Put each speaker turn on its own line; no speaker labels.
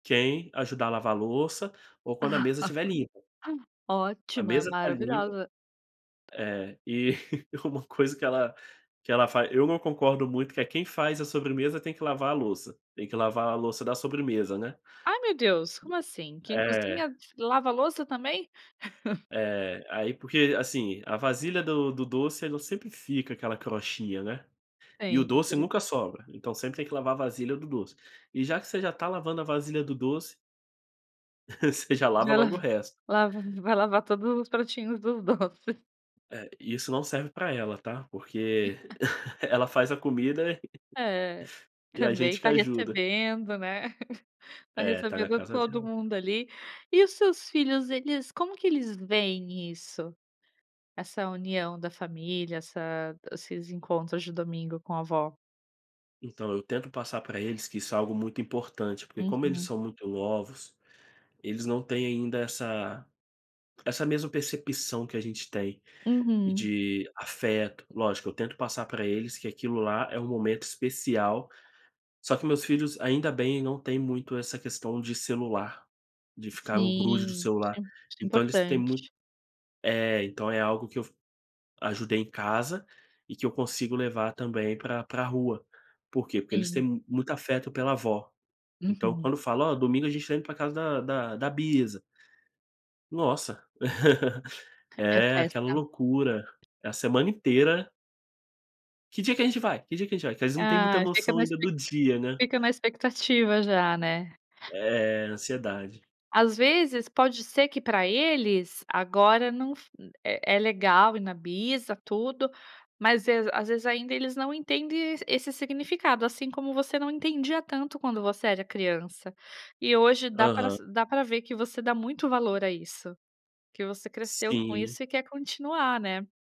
Quem ajudar a lavar louça ou quando a mesa estiver limpa. A
Ótima,
mesa tá limpa
maravilhosa.
é, e uma coisa que ela que ela faz, eu não concordo muito que é: "Quem faz a sobremesa tem que lavar a louça, tem que lavar a louça da sobremesa.", né?
Ai meu Deus, como assim? Quem
É.
cozinha lava a louça também?
É. Aí porque assim, a vasilha do do doce ela sempre fica aquela crostinha, né? E o doce
Sempre.
nunca sobra, então sempre tem que lavar a vasilha do doce. E já que você já está lavando a vasilha do doce você já lava
Já la
logo o resto.
lava vai lavar todos os pratinhos dos doces.
É, isso não serve para ela tá, porque ela faz a comida
É,
e a
também
gente que
tá
ajuda.
recebendo, né. Tá
É, tá na
recebendo
casa
todo
dela.
mundo ali. E os seus filhos eles como que eles veem isso? Essa união da família, essa esses encontros de domingo com a avó?
Então, eu tento passar para eles que isso é algo muito importante, porque como eles
Uhum.
são muito novos, eles não têm ainda essa essa mesma percepção que a gente tem,
Uhum.
de afeto, lógico, eu tento passar para eles que aquilo lá é um momento especial, só que meus filhos, ainda bem, não têm muito essa questão de celular, de ficar o grude de
Sim,
celular.
isso isso é
Então eles têm muito
importante.
É, então é algo que eu f ajudei em casa, e que eu consigo levar também pra pra rua. Por quê? Porque eles
Sim.
têm muito afeto pela avó. Então
Uhum.
quando fala: "Ó, domingo a gente vai pra casa da da da bisa". Nossa,
É
é aquela
festa.
loucura, a semana inteira. "Que dia que a gente vai? Que dia que gente vai?" Que às vezes não tem muita
Ah, fica
noção
na
ainda
expec
do dia, né?
fica na expectativa já, né?
É, ansiedade.
Às vezes pode ser que para eles, agora não f é é legal ir na bisa e tudo, mas as às vezes ainda eles não entendem esse significado, assim, como você não entendia tanto quando você era criança. E hoje dá pra
Aham.
sa dá para ver que você dá muito valor a isso. Que você cresceu com
Sim.
isso e quer continuar, né?